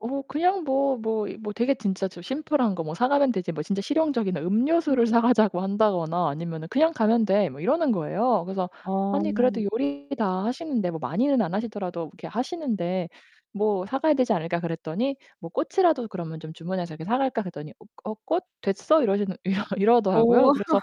어 그냥 뭐, 뭐 이 뭐 되게 진짜 좀 "심플한 거 뭐 사가면 되지 뭐 진짜 실용적인 음. 음료수를 사가자고 한다거나 아니면 그냥 가면 돼." 뭐 이러는 거예요. 그래서 "아니 그래도 어. 요리 다 하시는데 뭐 많이는 안 하시더라도 이렇게 하시는데 뭐 사가야 되지 않을까?" 그랬더니 뭐 "꽃이라도 그러면 좀 주문해서 이렇게 사갈까?" 그랬더니 "어 꽃 됐어?" 이러시는 이러 이러더라고요. 어. 그래서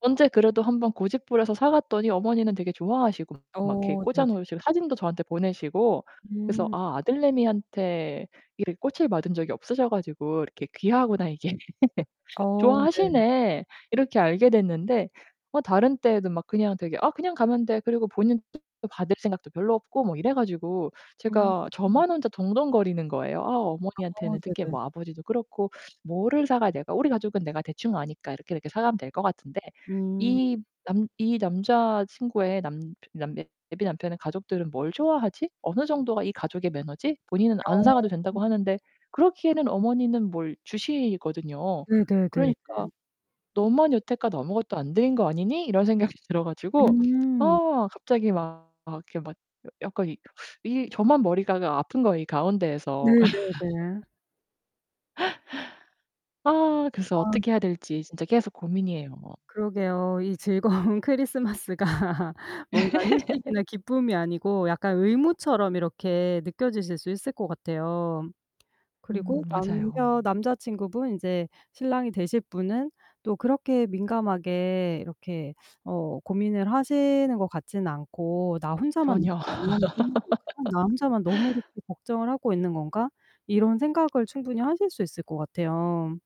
언제 그래도 한번 고집부려서 사갔더니 어머니는 되게 좋아하시고 막 이렇게 어 네네. 꽂아 놓으시고 사진도 저한테 보내시고 그래서 음. '아 아들내미한테 이렇게 꽃을 받은 적이 없으셔 가지고 이렇게 귀하구나 이게. 어 네. 좋아하시네.' 이렇게 알게 됐는데 어 다른 때에도 막 그냥 되게 "아 그냥 가면 돼." 그리고 본인도 받을 생각도 별로 없고 뭐 이래 가지고 음. 제가 저만 혼자 동동거리는 거예요. '아 아 어머니한테는 특히 네네. 뭐 아버지도 그렇고 뭐를 사가야 될 우리 가족은 내가 대충 아니까 이렇게, 이렇게 사가면 될 것 같은데. 음. 이 남 이 남자 친구의 남 남 예비 남편의 가족들은 뭘 좋아하지? 어느 정도가 이 가족의 매너지?' 본인은 안 사가도 어. 된다고 하는데 그러기에는 어머니는 뭘 주시거든요. 네네네 그러니까 네. '너만 여태껏 아무것도 안 드린 거 아니니?' 이런 생각이 들어 가지고. 음. 아 갑자기 막 막 이렇게 막 약간 이 이 저만 머리가 그 아픈 거예요 이 가운데에서. 네네네. 아 그래서 아 어떻게 해야 진짜. 될지 진짜 계속 고민이에요. 그러게요. 이 즐거운 크리스마스가 뭔가 휴식이나 기쁨이 아니고 약간 의무처럼 이렇게 느껴지실 수 있을 것 같아요. 음 그리고 맞아요. 남편 남자친구분 이제 신랑이 되실 분은 또 그렇게 민감하게 이렇게 어 고민을 하시는 것 같지는 않고 '나 혼자만 전혀. [unintelligible] 나 혼자만 너무 이렇게 걱정을 하고 있는 건가?' 이런 생각을 충분히 하실 수 있을 것 같아요.